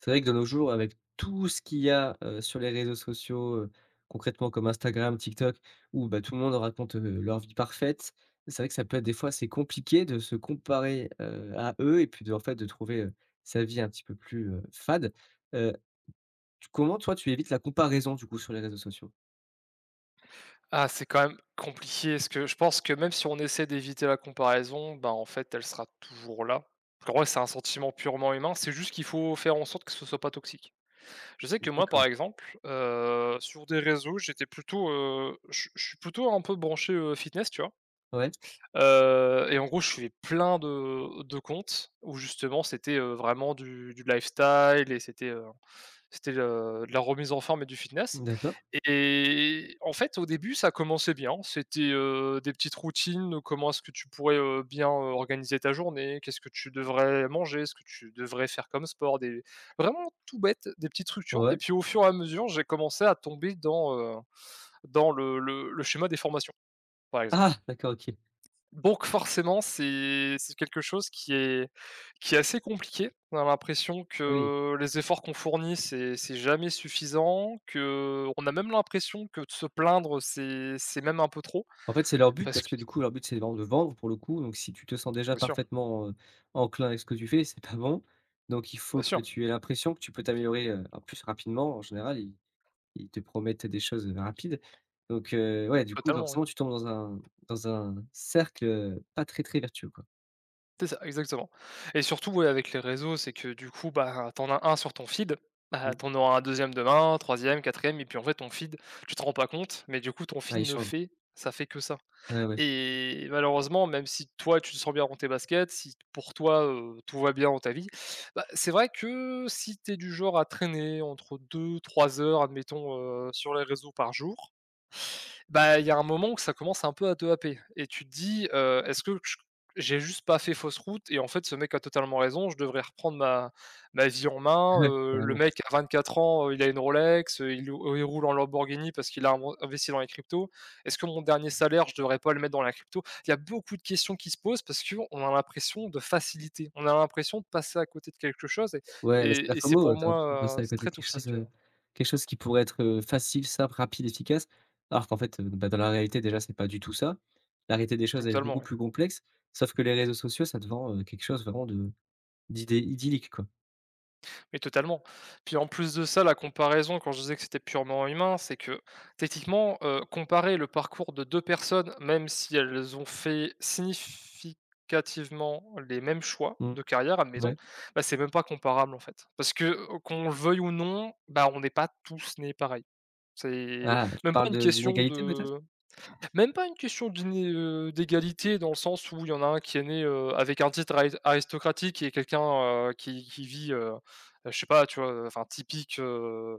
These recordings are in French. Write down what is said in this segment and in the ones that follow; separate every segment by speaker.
Speaker 1: C'est vrai que de nos jours avec tout ce qu'il y a, heu, sur les réseaux sociaux, heu, concrètement comme Instagram, TikTok où bah, tout le monde raconte, heu, leur vie parfaite, c'est vrai que ça peut être des fois assez compliqué de se comparer, heu, à eux et puis de en fait de trouver, heu, sa vie un petit peu plus, heu, fade. Heu. Tu comment toi, tu évites la comparaison, du coup, sur les réseaux sociaux?
Speaker 2: Ah, c'est quand même, compliqué, ce que je pense que même si on essaie d'éviter la comparaison, ben, en fait elle sera toujours là. Pour moi, c'est un sentiment purement humain, c'est juste qu'il faut faire en sorte que ça soit pas toxique. Je sais que moi
Speaker 1: D'accord.
Speaker 2: par exemple, heu, sur des réseaux, j'étais plutôt, heu, je suis je suis plutôt un peu branché, heu, fitness, tu vois?
Speaker 1: Ouais.
Speaker 2: Heu, et en gros, je suivais plein de de comptes où justement, c'était, heu, vraiment du du lifestyle et c'était, heu, c'était, heu, de la remise en forme et du fitness.
Speaker 1: D'accord.
Speaker 2: Et et en fait au début ça commençait bien, c'était, heu, des petites routines. Comment est-ce que tu pourrais, heu, bien, heu, organiser ta journée? Qu'est-ce que tu devrais manger? Ce que tu devrais faire comme sport, des vraiment tout bête, des petites structures et
Speaker 1: Ouais.
Speaker 2: puis au fur et à mesure, j'ai commencé à tomber dans, heu, dans le le le schéma des formations, par exemple.
Speaker 1: Ah! D'accord, OK.
Speaker 2: Donc, forcément, c'est c'est quelque chose qui est qui est assez compliqué, on a l'impression
Speaker 1: Oui.
Speaker 2: que les efforts qu'on fournit c'est c'est jamais suffisant, que on a même l'impression que de se plaindre c'est c'est même un peu trop,
Speaker 1: En fait, c'est leur but
Speaker 2: parce
Speaker 1: parce
Speaker 2: que
Speaker 1: que
Speaker 2: c
Speaker 1: du coup, leur but, c'est ven de vendre pour le coup, donc si tu te sens déjà
Speaker 2: Bien sûr.
Speaker 1: parfaitement, heu, enclin avec ce que tu fais c'est pas bon. Donc il faut
Speaker 2: Bien
Speaker 1: que
Speaker 2: sûr.
Speaker 1: tu aies l'impression que tu peux t'améliorer, heu, en plus rapidement en général ils ils te promettent, heu, des choses, heu, rapides. Donc, heu, ouais du coup
Speaker 2: Totalement, oui.
Speaker 1: forcément, tu tombes dans un dans un cercle, heu, pas très, très vertueux quoi.
Speaker 2: C'est ça, exactement. Et surtout, ouais, avec les réseaux, c'est que, du coup, bah ah, tu en as un sur ton feed, bah,
Speaker 1: Mmh.
Speaker 2: tu en auras un 2e demain, un 3e, 4e et puis, en fait, ton feed, tu t'en rends pas compte, mais du coup, ton
Speaker 1: Bah,
Speaker 2: feed,
Speaker 1: ils
Speaker 2: ne
Speaker 1: changent.
Speaker 2: fait ça fait que ça.
Speaker 1: Ouais, ouais.
Speaker 2: Et malheureusement même si toi tu te sens bien dans tes baskets, si pour toi, heu, tout va bien dans ta vie, bah, c'est vrai que si tu es du genre à traîner entre 2-3 heures admettons, heu, sur les réseaux par jour, bah, il y a un moment où ça commence un peu à te happer. Et tu te dis: «Heu, est-ce que ch j'ai juste pas fait fausse route? Et en fait ce mec a totalement raison, je devrais reprendre ma ma vie en main,
Speaker 1: Ouais,
Speaker 2: heu, le
Speaker 1: carrément.
Speaker 2: mec à 24 ans, heu, il a une Rolex, heu, il ou il roule en Lamborghini parce qu'il a inven investi dans les cryptos. Est ce que mon dernier salaire, je devrais pas le mettre dans la crypto?» Il y a beaucoup de questions qui se posent parce qu'on a l'impression de facilité, on a l'impression de passer à côté de quelque chose et
Speaker 1: Ouais, bah,
Speaker 2: et
Speaker 1: c'est-à-dire
Speaker 2: et
Speaker 1: comme
Speaker 2: c'est
Speaker 1: nous,
Speaker 2: pour
Speaker 1: heu. Tu as l'impression de
Speaker 2: moi, heu,
Speaker 1: passer à
Speaker 2: c'est très
Speaker 1: quelque chose,
Speaker 2: toxique, heu.
Speaker 1: heu, quelque chose qui pourrait être, heu, facile, simple, rapide, efficace alors qu'en fait, heu, bah dans la réalité déjà c'est pas du tout ça. La réalité des choses, elle est beaucoup
Speaker 2: Totalement.
Speaker 1: plus complexe sauf que les réseaux sociaux ça te vend, heu, quelque chose vraiment de d'idé idyllique quoi.
Speaker 2: Mais totalement. Puis en plus de ça, la comparaison quand je disais que c'était purement humain, c'est que, techniquement, heu, comparer le parcours de 2 personnes, même si elles ont fait significativement les mêmes choix
Speaker 1: Mmh.
Speaker 2: de carrière, admettons,
Speaker 1: Ouais.
Speaker 2: bah, c'est même pas comparable en fait. Parce que, o o qu'on le veuille ou non, bah, on n'est pas tous nés pareils. C'est
Speaker 1: Ah, tu
Speaker 2: même pas
Speaker 1: parles
Speaker 2: une
Speaker 1: de
Speaker 2: question
Speaker 1: d'inégalité peut-être?
Speaker 2: de même pas une question d'iné heu, d'égalité dans le sens où il y en a un qui est né, heu, avec un titre ari aristocratique et quelqu'un, heu, qui qui vit, heu heu, je sais pas, tu vois? Heu, enfin typique, heu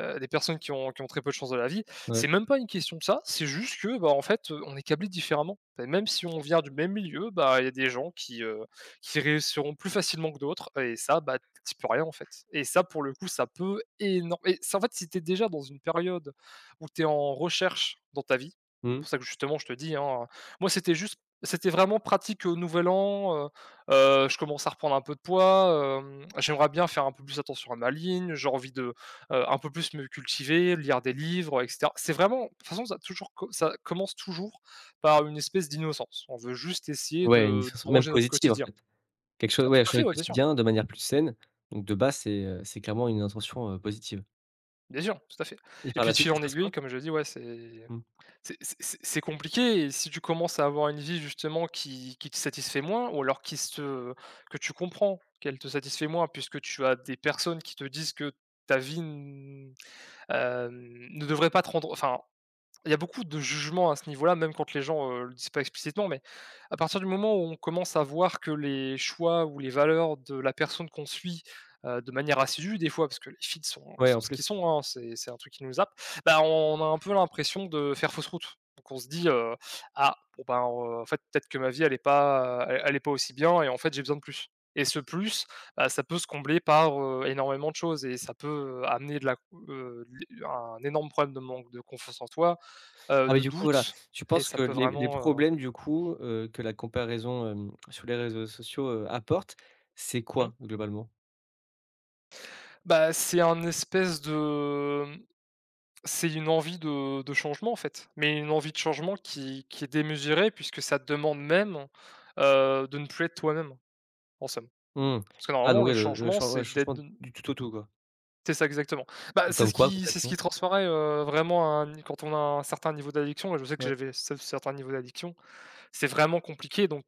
Speaker 2: heu, des personnes qui ont qui ont très peu de chance dans la vie.
Speaker 1: Ouais.
Speaker 2: C'est même pas une question de ça, c'est juste que bah, en fait, heu, on est câblés différemment. Bah, même si on vient du même milieu, bah, il y a des gens qui, heu, qui réussiront plus facilement que d'autres et ça, bah, tu y peux rien en fait. Et ça pour le coup ça peut énor et ça, en fait, si tu es déjà dans une période où tu es en recherche dans ta vie,
Speaker 1: Mmh.
Speaker 2: pour ça que justement que je te dis, hein, moi c'était juste, c'était vraiment pratique, heu, Nouvel An, heu heu, je commence à reprendre un peu de poids, hem, j'aimerais bien faire un peu plus attention à ma ligne, j'ai envie de, heu, un peu plus me cultiver, lire des livres, et cetera. C'est vraiment, de toute façon ça toujours co ça commence toujours par une espèce d'innocence, on veut juste essayer
Speaker 1: Ouais, une
Speaker 2: de
Speaker 1: discussion même
Speaker 2: d'arranger notre
Speaker 1: positive en
Speaker 2: quotidien.
Speaker 1: fait. Quelque chose
Speaker 2: À
Speaker 1: ouais,
Speaker 2: tout
Speaker 1: à
Speaker 2: à fait,
Speaker 1: changer au
Speaker 2: ouais, bien sûr.
Speaker 1: quotidien de manière plus saine. Donc de base c'est, heu, c'est clairement une intention, heu, positive.
Speaker 2: Bien sûr. Tout à fait.
Speaker 1: Et
Speaker 2: Et
Speaker 1: par
Speaker 2: puis
Speaker 1: la
Speaker 2: de
Speaker 1: suite
Speaker 2: fil
Speaker 1: il se
Speaker 2: en
Speaker 1: passe
Speaker 2: aiguille,
Speaker 1: quoi?
Speaker 2: comme je dis, ouais c'est
Speaker 1: Mmh.
Speaker 2: c'est c'est c'est c'est compliqué et si tu commences à avoir une vie justement qui qui te satisfait moins, ou alors qui se que tu comprends qu'elle te satisfait moins puisque tu as des personnes qui te disent que ta vie n heu, ne devrait pas te rendre enfin, il y a beaucoup de jugement à ce niveau-là même quand les gens, heu, le disent pas explicitement, mais à partir du moment où on commence à voir que les choix ou les valeurs de la personne qu'on suit, heu, de manière assidue, des fois, parce que les feeds sont
Speaker 1: Ouais,
Speaker 2: sont
Speaker 1: en
Speaker 2: ce qu'ils
Speaker 1: plus.
Speaker 2: sont, hein, c'est c'est un truc qui nous happe, bah, on a un peu l'impression de faire fausse route. Donc on se dit, heu: «Ah! Bon, bah, heu, en fait, peut-être que ma vie elle est pas elle elle est pas aussi bien et en fait, j'ai besoin de plus.» Et ce plus, heu, ça peut se combler par, heu, énormément de choses et ça peut amener de la c heu, de l'é un énorme problème de manque de confiance en toi, heu,
Speaker 1: Ah mais
Speaker 2: de
Speaker 1: du coup, voilà,
Speaker 2: doute
Speaker 1: tu
Speaker 2: et
Speaker 1: penses
Speaker 2: ça
Speaker 1: que
Speaker 2: peut
Speaker 1: les les
Speaker 2: vraiment, heu.
Speaker 1: problèmes du coup, heu, que la comparaison, hem, sur les réseaux sociaux, heu, apporte, c'est
Speaker 2: Mmh.
Speaker 1: quoi globalement?
Speaker 2: Bah c'est un espèce de, mmh, c'est une envie de de changement en fait, mais une envie de changement qui qui est démesurée puisque ça demande même, heu, de ne plus être toi-même, en somme.
Speaker 1: Mmh.
Speaker 2: Parce que
Speaker 1: Ah
Speaker 2: normalement
Speaker 1: donc
Speaker 2: le
Speaker 1: ouais le le
Speaker 2: changement
Speaker 1: change ouais, le
Speaker 2: c'est d'être
Speaker 1: changement
Speaker 2: de n
Speaker 1: du tout au tout quoi.
Speaker 2: C'est ça, exactement. Bah,
Speaker 1: Ou
Speaker 2: c'est
Speaker 1: comme
Speaker 2: ce
Speaker 1: quoi
Speaker 2: qui c'est ce
Speaker 1: concrètement?
Speaker 2: qui transparaît, heu, vraiment, hein n quand on a un certain niveau d'addiction, et je sais que
Speaker 1: Ouais.
Speaker 2: j'avais cer certains niveaux d'addiction. C'est vraiment compliqué, donc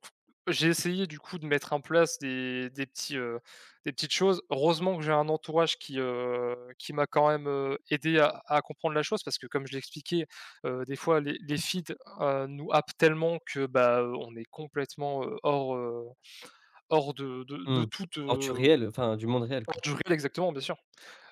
Speaker 2: j'ai essayé du coup de mettre en place des des petits, heu, des petites choses. Heureusement que j'ai un entourage qui, heu, qui m'a quand même, heu, aidé à à comprendre la chose parce que comme je l'ai expliqué, heu, des fois les les feeds, heu, nous happent tellement que bah, heu, on est complètement hors, heu, hors de de de
Speaker 1: Mmh,
Speaker 2: toute,
Speaker 1: hors du
Speaker 2: heu.
Speaker 1: réel, enfin, du monde réel,
Speaker 2: Hors
Speaker 1: quoi.
Speaker 2: du réel, exactement bien sûr.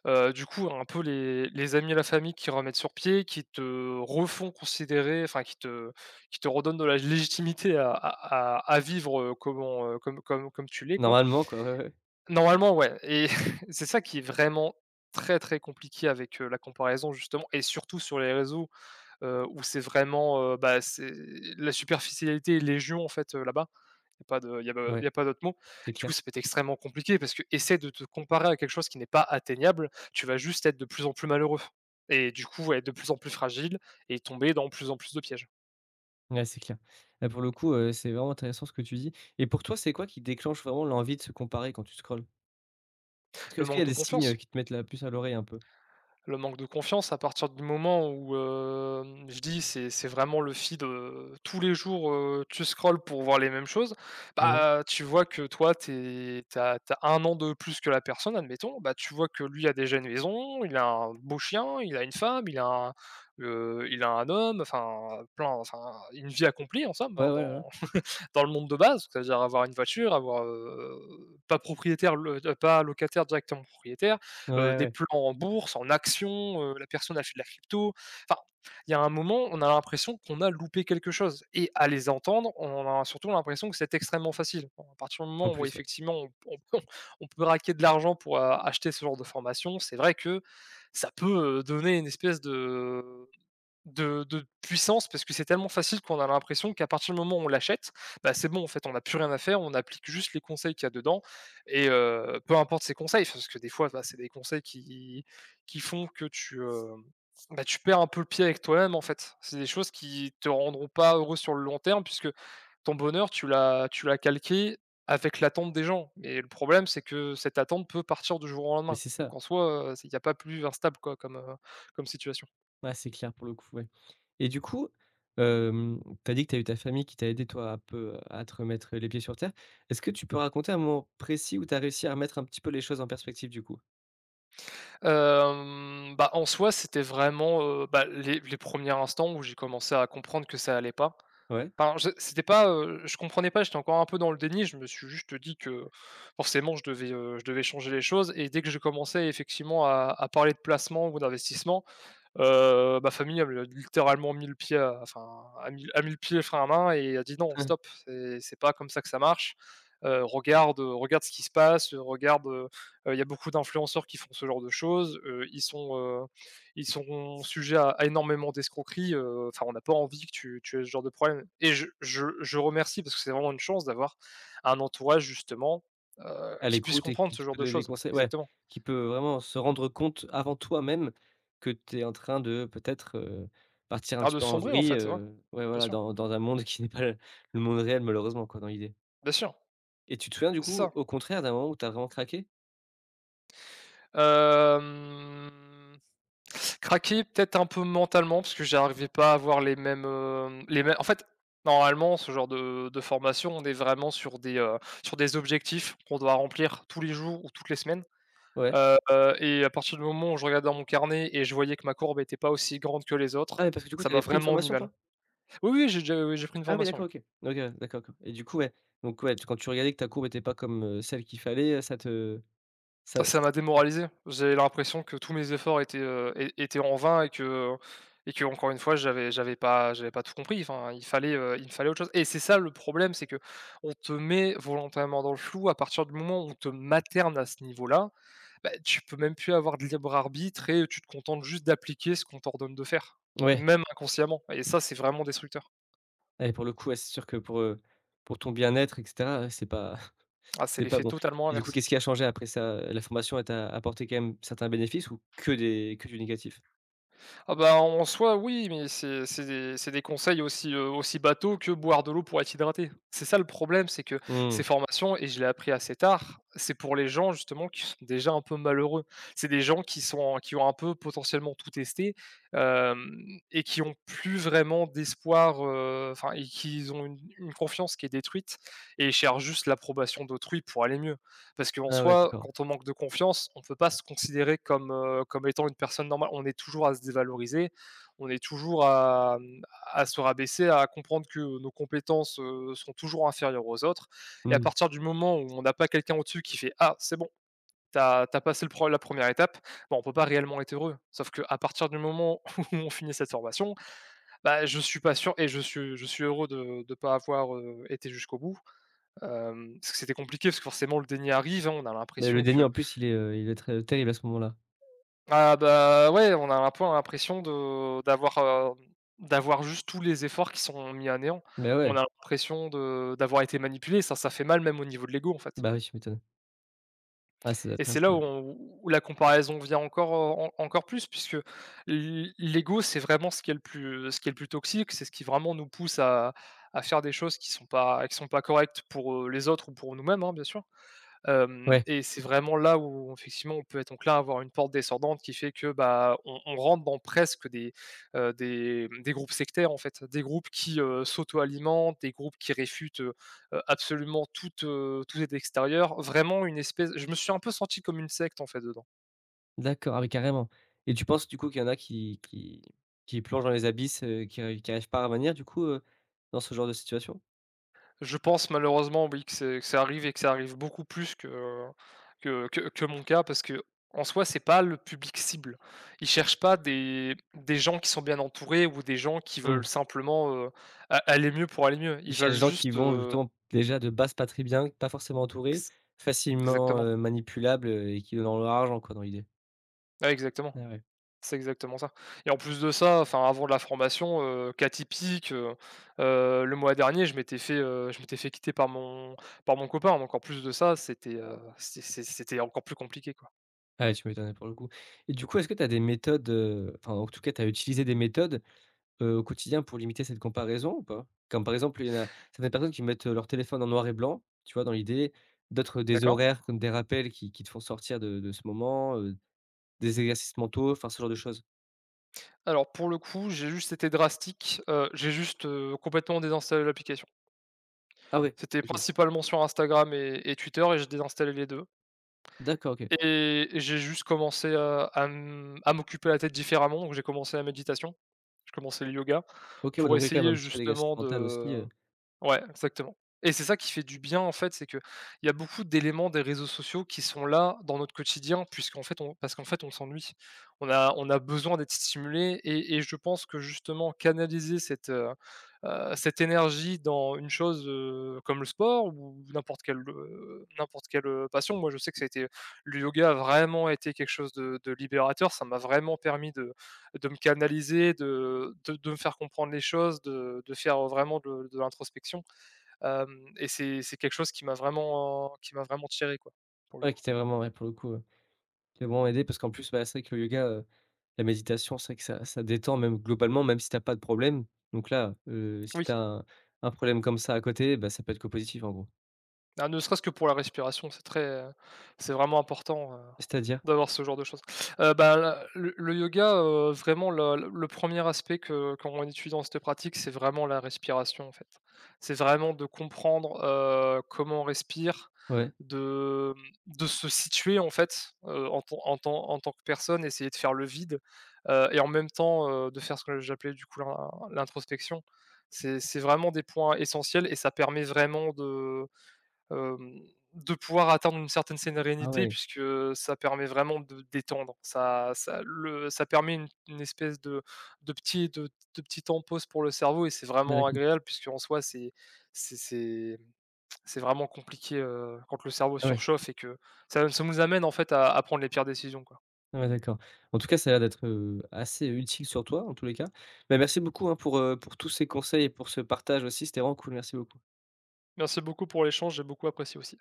Speaker 2: Heu, du coup un peu les les amis et la famille qui remettent sur pied qui te refont considérer enfin qui te qui te redonnent de la légitimité à à à à vivre, heu, comment, heu, comme comme comme tu l'es quoi.
Speaker 1: Normalement quoi, ouais, ouais.
Speaker 2: Normalement, ouais, et c'est ça qui est vraiment très, très compliqué avec, heu, la comparaison justement et surtout sur les réseaux, heu, où c'est vraiment, heu, bah, c'est la superficialité est légion en fait, heu, là-bas. Il y a pas de il y a pas il
Speaker 1: Ouais.
Speaker 2: y a pas d'autres mots.
Speaker 1: C'est
Speaker 2: Du coup,
Speaker 1: clair.
Speaker 2: ça peut être extrêmement compliqué parce qu'essaie de te comparer à quelque chose qui n'est pas atteignable, tu vas juste être de plus en plus malheureux, et du coup, ouais, de plus en plus fragile et tomber dans plus en plus de pièges.
Speaker 1: Ouais, c'est clair. Bah, pour le coup, heu, c'est vraiment intéressant ce que tu dis. Et pour toi, c'est quoi qui déclenche vraiment l'envie de se comparer quand tu scrolles? Est-ce que est
Speaker 2: Le
Speaker 1: ce qu'il y a
Speaker 2: manque de
Speaker 1: des signes heu,
Speaker 2: confiance.
Speaker 1: qui te mettent la puce à l'oreille, un peu?
Speaker 2: Le manque de confiance. A partir du moment où, hem, je dis c'est c'est vraiment le feed, heu, tous les jours. Heu, tu scrolles pour voir les mêmes choses.
Speaker 1: Mmh.
Speaker 2: Bah, tu vois que, toi, tu es tu as tu as 1 de plus que la personne, admettons. Bah, tu vois que lui a déjà une maison, il a un beau chien, il a une femme, il a, heu, il a un homme, enfin plein enfin une vie accomplie, en somme.
Speaker 1: Ouais,
Speaker 2: Hein,
Speaker 1: ouais, ouais.
Speaker 2: dans dans le monde de base. C'est-à-dire avoir une voiture, avoir, heu pas propriétaire, lo heu, pas locataire, directement propriétaire,
Speaker 1: Ouais,
Speaker 2: heu, des
Speaker 1: ouais.
Speaker 2: plans en bourse, en actions, heu, la personne elle fait de la crypto. Enfin, il y a un moment on a l'impression qu'on a loupé quelque chose. Et à les entendre, on a surtout l'impression que c'est extrêmement facile. À partir du
Speaker 1: En
Speaker 2: moment où,
Speaker 1: plus, ouais.
Speaker 2: effectivement, on p on on peut raquer de l'argent pour acheter ce genre de formation, c'est vrai que ça peut, heu, donner une espèce de de de puissance, parce que c'est tellement facile qu'on a l'impression qu'à partir du moment où on l'achète, bah, c'est bon, en fait, on a plus rien à faire. On applique juste les conseils qu'il y a dedans. Et heu, peu importe ces conseils, parce que des fois, bah c'est des conseils qui qui font que tu, heu, bah, tu perds un peu le pied avec toi-même, en fait. C'est des choses qui te rendront pas heureux sur le long terme, puisque ton bonheur, tu l'as tu l'as calqué avec l'attente des gens. Et le problème, c'est que cette attente peut partir du jour au
Speaker 1: Mais,
Speaker 2: lendemain.
Speaker 1: c'est
Speaker 2: Donc,
Speaker 1: ça.
Speaker 2: en soi, heu, c'est il y a pas plus instable, quoi, comme, heu, comme situation.
Speaker 1: Ouais, c'est clair, pour le coup, ouais. Et du coup, hem, tu as dit que tu as eu ta famille qui t'a aidé, toi, un peu à te remettre, heu, les pieds sur terre. Est ce que tu peux raconter un moment précis où tu as réussi à remettre un petit peu les choses en perspective, du coup?
Speaker 2: Hem, bah, en soi, c'était vraiment, heu, bah, les les premiers instants où j'ai commencé à comprendre que ça allait pas.
Speaker 1: Ouais.
Speaker 2: Pardon, je c'était pas, heu, je comprenais pas, j'étais encore un peu dans le déni. Je me suis juste dit que, forcément, je devais, heu, je devais changer les choses. Et dès que j'ai commencé, effectivement, à à parler de placement ou d'investissement, heu, ma famille elle a littéralement mis le pied à enfin, a mis a mis le pied le frein à main et a dit: «Non, stop, c'est c'est pas comme ça que ça marche. Heu, regarde, heu, regarde ce qui se passe. Heu regarde, heu, heu, il y a beaucoup d'influenceurs qui font ce genre de choses, heu, ils sont heu, ils sont sujets à énormément d'escroqueries. Heu, enfin on a pas envie que tu tu aies ce genre de problème» et je je je remercie, parce que c'est vraiment une chance d'avoir un entourage, justement, heu,
Speaker 1: A
Speaker 2: qui puisse
Speaker 1: l'écoute, et
Speaker 2: comprendre
Speaker 1: qui
Speaker 2: ce
Speaker 1: qui
Speaker 2: genre
Speaker 1: peut
Speaker 2: de
Speaker 1: donner des
Speaker 2: choses,
Speaker 1: conseils. Ouais,
Speaker 2: exactement.
Speaker 1: qui peut vraiment se rendre compte, avant toi-même, que tu es en train de peut-être, heu, partir un
Speaker 2: Ah
Speaker 1: petit
Speaker 2: de
Speaker 1: peu en
Speaker 2: sombrer en
Speaker 1: vrille.
Speaker 2: fait, ouais.
Speaker 1: Heu, ouais,
Speaker 2: Bien
Speaker 1: voilà,
Speaker 2: sûr.
Speaker 1: dans dans un monde qui n'est pas le le monde réel, malheureusement, quoi, dans l'idée.
Speaker 2: Bien sûr. Beh
Speaker 1: Et tu te souviens, du
Speaker 2: c'est
Speaker 1: coup,
Speaker 2: ça.
Speaker 1: au contraire, d'un moment où tu as vraiment craqué?
Speaker 2: Hem. Craquer, peut-être un peu mentalement parce que j'arrivais pas à avoir les mêmes, heu, les mêmes en fait, normalement, ce genre de de formation, on est vraiment sur des, heu, sur des objectifs qu'on doit remplir tous les jours ou toutes les semaines.
Speaker 1: Ouais.
Speaker 2: Heu heu et à partir du moment où, je regardais dans mon carnet et je voyais que ma courbe était pas aussi grande que les
Speaker 1: Ah
Speaker 2: autres,
Speaker 1: mais parce que du coup
Speaker 2: ça
Speaker 1: tu
Speaker 2: m'a
Speaker 1: avais pris une
Speaker 2: vraiment mis
Speaker 1: formation
Speaker 2: mal.
Speaker 1: toi?
Speaker 2: Oui, oui, j'ai déjà oui, j'ai pris une
Speaker 1: Ah oui,
Speaker 2: formation, oui.
Speaker 1: d'accord, OK. OK, ouais. D'accord d'accord et du coup, ouais, donc, ouais, tu quand tu regardais que ta courbe était pas comme, heu, celle qu'il fallait ça te Ça,
Speaker 2: Ah ça m'a
Speaker 1: s
Speaker 2: démoralisé. J'ai l'impression que tous mes efforts étaient, heu, é étaient en vain et que, heu, et qu'encore une fois j'avais j'avais pas j'avais pas tout compris. Enfin, il fallait, heu, il me fallait autre chose. Et c'est ça le problème, c'est qu'on te met volontairement dans le flou à partir du moment où on te materne à ce niveau-là, bah, tu peux même plus avoir de libre-arbitre et tu te contentes juste d'appliquer ce qu'on t'ordonne de faire.
Speaker 1: Ouais.
Speaker 2: Même inconsciemment, et ça, c'est vraiment destructeur.
Speaker 1: Et pour le coup ouais c'est sûr que pour, heu, pour ton bien-être et cetera c'est pas
Speaker 2: Ah c'est
Speaker 1: c'est pas
Speaker 2: l'effet
Speaker 1: bon.
Speaker 2: totalement
Speaker 1: Et, du coup,
Speaker 2: inverse.
Speaker 1: qu'est-ce qui a changé après ça, la formation elle t'a apporté quand-même certains bénéfices ou que des que du négatif?
Speaker 2: Ah bah en soi oui, mais c'est c'est des c'est des conseils aussi, heu, aussi bateaux que boire de l'eau pour être hydraté. C'est ça, le problème, c'est que ces
Speaker 1: Mmh.
Speaker 2: formations, et je l'ai appris assez tard, c'est pour les gens, justement, qui sont déjà un peu malheureux. C'est des gens qui sont qui ont un peu potentiellement tout testé, hem et qui ont plus vraiment d'espoir, heu, enfin et qu'ils ont une une confiance qui est détruite et ils cherchent juste l'approbation d'autrui pour aller mieux. Parce qu'en
Speaker 1: Ah ouais,
Speaker 2: soi,
Speaker 1: d'accord.
Speaker 2: quand on manque de confiance, on peut pas se considérer comme heu, comme étant une personne normale. On est toujours à se dévaloriser, on est toujours à mmh, à se rabaisser, à comprendre que nos compétences, heu, seront toujours inférieures aux autres. Et, à
Speaker 1: Mmh.
Speaker 2: partir du moment où, on a pas quelqu'un au-dessus qui fait: «Ah, c'est bon, tu as tu as passé le pro la 1ère étape.» bah, on peut pas réellement être heureux. Sauf, qu'à partir du moment où, on finit cette formation, bah, je suis pas sûr, et je suis je suis heureux de de pas avoir, heu, été jusqu'au bout, hem, parce que c'était compliqué, parce que forcément, le déni arrive, hein, on a
Speaker 1: Mais le
Speaker 2: l'impression
Speaker 1: déni
Speaker 2: que
Speaker 1: en plus il est, heu, il doit être terrible à ce moment-là.
Speaker 2: Ah bah ouais on a l'un peu l'impression de, heu, d'avoir, hem, d'avoir juste tous les efforts qui sont mis à néant,
Speaker 1: Beh ouais.
Speaker 2: on a impression de d'avoir été manipulé, ça ça fait mal même au niveau de l'ego en fait.
Speaker 1: Bah, ouais, tu m'étonnes. Ah ça doit être
Speaker 2: Et c'est là où
Speaker 1: casse-gueule.
Speaker 2: on où la comparaison vient encore, heu, en encore plus puisque l l l'ego, c'est vraiment ce qui est le plus ce qui est le plus toxique. C'est ce qui vraiment nous pousse à à faire des choses qui sont pas qui sont pas correctes pour, heu, les autres ou pour nous-mêmes, hein, bien sûr. Hem
Speaker 1: Ouais.
Speaker 2: et c'est vraiment là où, effectivement, on peut donc là avoir une pente descendante qui fait que bah, on on rentre dans presque des, heu, des des groupes sectaires, en fait. Des groupes qui, heu, s'auto-alimentent, des groupes qui réfutent, heu heu, absolument toute, heu, toute aide extérieure, vraiment une espèce, je me suis un peu senti comme une secte, en fait, dedans.
Speaker 1: D'accord. Ah oui, carrément. Et, tu penses du coup, qu'il y en a qui qui qui plongent dans les abysses, qui qui arrivent pas à revenir, du coup, heu, dans ce genre de situation?
Speaker 2: Je pense malheureusement, oui, que c'est que ça arrive et que ça arrive beaucoup plus que que que mon cas parce qu'en soi, c’est pas le public cible. Ils cherchent pas des des gens qui sont bien entourés ou des gens qui
Speaker 1: Mmh.
Speaker 2: veulent simplement, heu, a aller mieux pour aller mieux.
Speaker 1: Ils
Speaker 2: Ils veulent
Speaker 1: cherchent des gens qui
Speaker 2: juste,
Speaker 1: vont,
Speaker 2: heu
Speaker 1: justement, déjà de base, pas très bien, pas forcément entourés,
Speaker 2: Ex
Speaker 1: facilement,
Speaker 2: exactement.
Speaker 1: heu, manipulables, heu et qui donneront leur argent quoi dans l'idée.
Speaker 2: Ah, exactement,
Speaker 1: Ah ouais.
Speaker 2: c'est exactement ça. Et en plus de ça, enfin avant la formation, heu, cas typique, heu, heu, le mois dernier je m'étais fait, heu, je m'étais fait quitter par mon par mon copain, donc en plus de ça c'était, heu, c c c'était encore plus compliqué quoi.
Speaker 1: Ah ouais, tu m'étonnes, ouais, pour le coup. Et du coup est-ce que tu as des méthodes, heu, enfin en tout cas tu as utilisé des méthodes, heu, au quotidien pour limiter cette comparaison ou pas? Comme par exemple, heu, il y en a certaines personnes qui mettent heu, leur téléphone en noir et blanc, tu vois dans l'idée? D'autres des
Speaker 2: D'accord.
Speaker 1: horaires comme des rappels qui qui te font sortir de de ce moment heu, des exercices mentaux, enfin ce genre de choses.
Speaker 2: Alors pour le coup, j'ai juste été drastique, heu, j'ai juste heu, complètement désinstallé l'application.
Speaker 1: Ah ouais,
Speaker 2: C'était
Speaker 1: OK.
Speaker 2: principalement sur Instagram et et Twitter, et j'ai désinstallé les 2.
Speaker 1: D'accord, OK.
Speaker 2: Et j'ai juste commencé à à m à m'occuper la tête différemment, donc j'ai commencé la méditation. J'ai commencé le yoga
Speaker 1: OK. Ouais,
Speaker 2: pour
Speaker 1: dans tous les cas même
Speaker 2: essayer
Speaker 1: un petit peu d'exercice
Speaker 2: justement
Speaker 1: mental aussi,
Speaker 2: de
Speaker 1: heu.
Speaker 2: ouais, exactement. Et c'est ça qui fait du bien en fait, c'est que il y a beaucoup d'éléments des réseaux sociaux qui sont là, dans notre quotidien puisqu'en fait on parce qu'en fait on s'ennuie. On a on a besoin d'être stimulés et et je pense que justement canaliser cette heu, heu, cette énergie dans une chose heu, comme le sport ou n'importe quelle, heu, n'importe quelle heu, passion. Moi je sais que ça été le yoga a vraiment été quelque chose de de libérateur, ça m'a vraiment permis de de me canaliser, de de de me faire comprendre les choses, de de faire, heu, vraiment de de l'introspection. Hem, et c'est c'est quelque chose qui m'a vraiment qui m'a vraiment tiré quoi. Pour le
Speaker 1: Ouais,
Speaker 2: coup.
Speaker 1: qui t'a vraiment, ouais, pour le coup heu, qui t'a vraiment aidé parce qu'en plus bah, c'est vrai que le yoga, heu, la méditation c'est vrai que ça ça détend même globalement, même si tu as pas de problème. Donc là, heu, si tu
Speaker 2: Oui.
Speaker 1: as un un problème comme ça à côté bah, ça peut être que positif en gros.
Speaker 2: Ah, ne serait-ce que pour la respiration, c'est très heu, c'est vraiment important heu,
Speaker 1: C'est-à-dire?
Speaker 2: d'avoir ce genre de choses. Heu, bah, la le le yoga heu, vraiment la le 1er aspect que qu'on étudie dans cette pratique, c'est vraiment la respiration, en fait. C'est vraiment de comprendre heu, comment on respire.
Speaker 1: Ouais.
Speaker 2: De, mmh, de se situer en fait, heu, en tant en tant en tant que personne, essayer de faire le vide. Heu, et en même temps heu, de faire ce que j'appelais du coup l'in l'introspection. C'est c'est vraiment des points essentiels et ça permet vraiment de hem, de pouvoir atteindre une certaine
Speaker 1: Ah
Speaker 2: sérenité
Speaker 1: ouais.
Speaker 2: puisque heu, ça permet vraiment de détendre. Ça ça le ça permet une une espèce de de petit de de petit temps de pause pour le cerveau et c'est
Speaker 1: Ah
Speaker 2: vraiment
Speaker 1: d'accord.
Speaker 2: agréable puisqu'en soi c'est c'est c'est mmh, c'est vraiment compliqué, heu, quand le cerveau
Speaker 1: Ah ouais.
Speaker 2: surchauffe et que ça ça nous amène en fait à à prendre les pires décisions, quoi.
Speaker 1: Ah ouais d'accord. En tout cas ça a l'air d'être, heu, assez utile sur toi, en tous les cas. Bah, merci beaucoup hein, pour heu, pour tous ces conseils et pour ce partage aussi. C'était vraiment cool. Merci beaucoup.
Speaker 2: Merci beaucoup pour l'échange, j'ai beaucoup apprécié aussi.